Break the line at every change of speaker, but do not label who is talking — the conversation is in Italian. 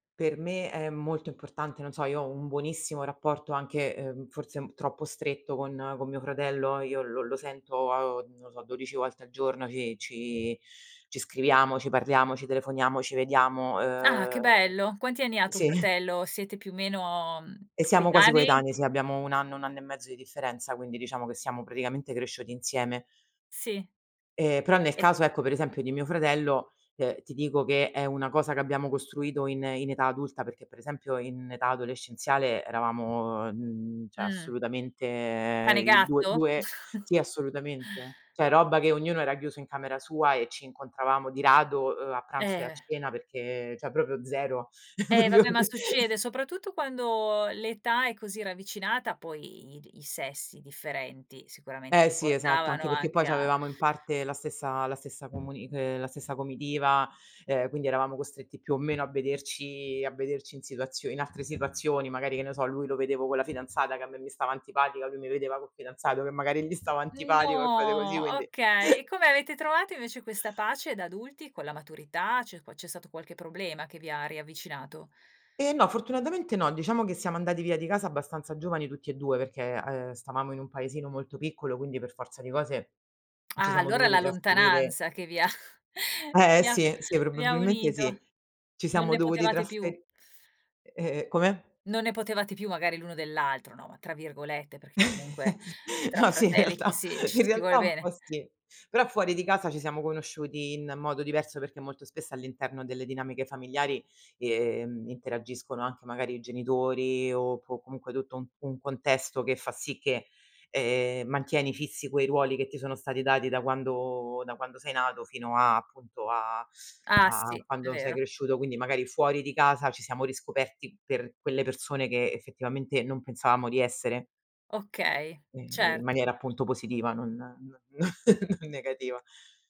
Per me è molto importante. Non so, io ho un buonissimo rapporto anche, uhm, forse un troppo stretto con con mio fratello, io lo lo sento, uhm, non lo so, 12 volte al giorno ci ci ci scriviamo, ci parliamo, ci telefoniamo, ci vediamo,
Ah, che
uhm,
bello! Quanti anni ha tuo
sì.
fratello? Siete più o meno, mhmm,
E siamo quasi
coetanei?
coetanei, sì. Abbiamo 1 anno, 1 anno e mezzo di differenza, quindi diciamo che siamo praticamente cresciuti insieme.
Sì.
Ehm, però nel
E
caso, ecco, per esempio, di mio fratello, ehm, ti dico che è una cosa, che abbiamo costruito in in età adulta, perché, per esempio, in età adolescenziale eravamo, uhm, mhmm, cioè,
Mh.
assolutamente,
Cane e
i 2-
gatto?
2 sì, assolutamente. Cioè robba, che ognuno era chiuso in camera sua e ci incontravamo di rado, uhm, a pranzo e a
Eh.
cena, perché cioè proprio 0,
Eh,
proprio.
vabbè, ma succede, soprattutto quando l'età è così ravvicinata, poi i di i sessi differenti, sicuramente
Eh,
ti
sì, esatto.
portavano
Anche perché, poi
anche a
c'avevamo in parte la stessa la stessa comuni uhm, la stessa comitiva, uhm, quindi eravamo costretti più o meno a vederci a vederci in situazio in altre situazioni, magari che ne so, lui lo vedevo con la fidanzata, che a me mi stava antipatica, lui mi vedeva col fidanzato, che magari gli stava antipatico e cose così,
No,
quindi.
okay. E come avete trovato invece, questa pace da adulti, con la maturità? C'è qua c'è stato qualche problema, che vi ha riavvicinato?
Eh, no, fortunatamente, no. Diciamo che siamo andati via di casa, abbastanza giovani tutti e 2, perché, uhm, stavamo in un paesino molto piccolo, quindi per forza di cose, ci
Ah,
siamo
allora,
dovuti
la
trasferire.
lontananza che vi ha
Eh,
vi ha
sì, sì,
vi ha
probabilmente,
unito.
sì. Ci
Non
siamo
ne
dovuti
potevate
trasfe
più.
e e e come?
"Non ne potevate più magari l'uno dell'altro", no, ma tra virgolette, perché comunque tra
No, sì, in
fratelli, ci
realtà
si ci
in
si vuole
realtà, un
bene.
po' sì. Però, fuori di casa, ci siamo conosciuti in modo diverso, perché molto spesso, all'interno delle dinamiche familiari, ehm, interagiscono anche magari i genitori o po comunque, tutto un un contesto che fa sì che, ehm, mantieni fissi quei ruoli, che ti sono stati dati, da quando da quando sei nato, fino a, appunto, a
Ah.
a
Sì, è
quando sei
vero.
cresciuto, quindi magari fuori di casa, ci siamo riscoperti per quelle persone, che effettivamente non pensavamo di essere.
Okay,
Ehm, in maniera
certo.
appunto positiva, non n n non negativa.